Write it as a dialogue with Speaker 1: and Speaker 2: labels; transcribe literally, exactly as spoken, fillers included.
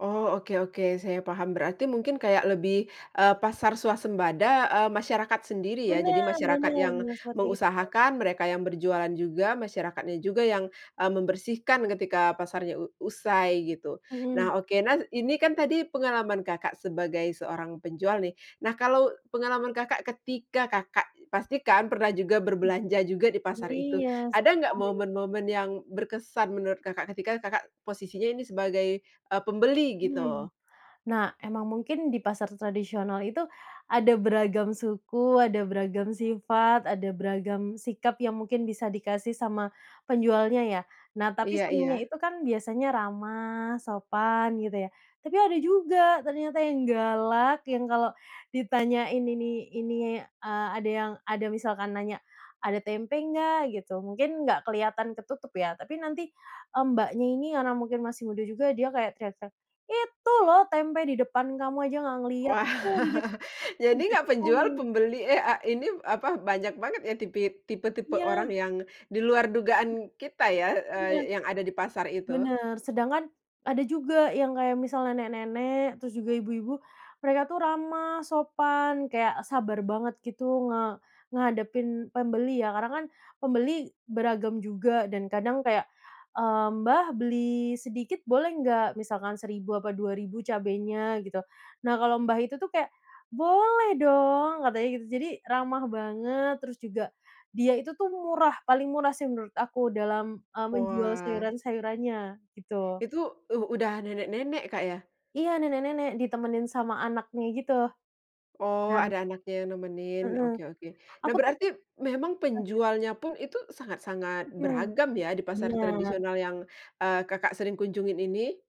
Speaker 1: Oh, oke oke, saya paham. Berarti mungkin kayak lebih, eee, pasar swasembada, eee, masyarakat sendiri ya
Speaker 2: Bener
Speaker 1: jadi masyarakat
Speaker 2: bener
Speaker 1: yang
Speaker 2: bener, seperti itu.
Speaker 1: mengusahakan mereka yang berjualan juga masyarakatnya juga yang, eee, membersihkan ketika pasarnya u usai gitu.
Speaker 2: Mmm.
Speaker 1: Nah oke, nah ini kan tadi pengalaman Kakak sebagai seorang penjual nih, nah kalau pengalaman Kakak ketika Kakak, pastikan pernah juga
Speaker 2: Nah.
Speaker 1: berbelanja juga di pasar itu.
Speaker 2: Iya
Speaker 1: Ada
Speaker 2: sih
Speaker 1: nggak
Speaker 2: paling.
Speaker 1: momen-momen yang berkesan menurut Kakak ketika Kakak posisinya ini sebagai, eee, pembeli gitu?
Speaker 2: Hmm, nah emang mungkin di pasar tradisional itu ada beragam suku, ada beragam sifat, ada beragam sikap yang mungkin bisa dikasih sama penjualnya ya. Nah tapi
Speaker 1: Iya
Speaker 2: seringnya
Speaker 1: iya.
Speaker 2: itu kan biasanya ramah, sopan gitu ya. Tapi ada juga ternyata yang galak yang kalau ditanyain ini ini a ada yang ada misalkan nanya, "Ada tempe nggak?" Gitu. Mungkin nggak keliatan ketutup ya tapi nanti, Mbaknya, ini karena mungkin masih muda juga dia kayak teriak-teriak, "Itu loh tempe di depan kamu aja nggak ngeliat,
Speaker 1: Wah,
Speaker 2: itu tuh di dek di
Speaker 1: jadi nggak
Speaker 2: deket
Speaker 1: penjual,
Speaker 2: kamu."
Speaker 1: pembeli eh, a ini apa, banyak banget ya tipi tipe-tipe orang
Speaker 2: Iya.
Speaker 1: yang di luar dugaan kita ya,
Speaker 2: Iya.
Speaker 1: eee, yang ada di pasar itu.
Speaker 2: Bener, sedangkan ada juga yang kayak misal, nenek-nenek terus juga ibu-ibu mereka tuh ramah, sopan kayak sabar banget gitu nge ngehadepin pembeli ya karena kan pembeli beragam juga dan kadang kayak, eee, "Mbah, beli sedikit boleh nggak? Misalkan seribu apa dua ribu cabenya," gitu. Nah kalau, mbah, itu tuh kayak, "Boleh dong," katanya gitu, jadi ramah banget terus juga dia itu tuh murah, paling murah sih menurut aku dalam, eee, menjual
Speaker 1: Wah.
Speaker 2: sayuran-sayurannya gitu.
Speaker 1: itu uh udah nenek-nenek, Kak, ya?
Speaker 2: Iya, nenek-nenek ditemenin sama anaknya gitu.
Speaker 1: Oh
Speaker 2: Nah
Speaker 1: ada anaknya yang nemenin,
Speaker 2: Heeh.
Speaker 1: oke oke. Nah
Speaker 2: Aku tuh
Speaker 1: berarti memang
Speaker 2: ah iya.
Speaker 1: penjualnya pun itu sangat-sangat
Speaker 2: Mmm,
Speaker 1: beragam ya di pasar
Speaker 2: benar.
Speaker 1: tradisional yang, eee, Kakak sering kunjungin ini?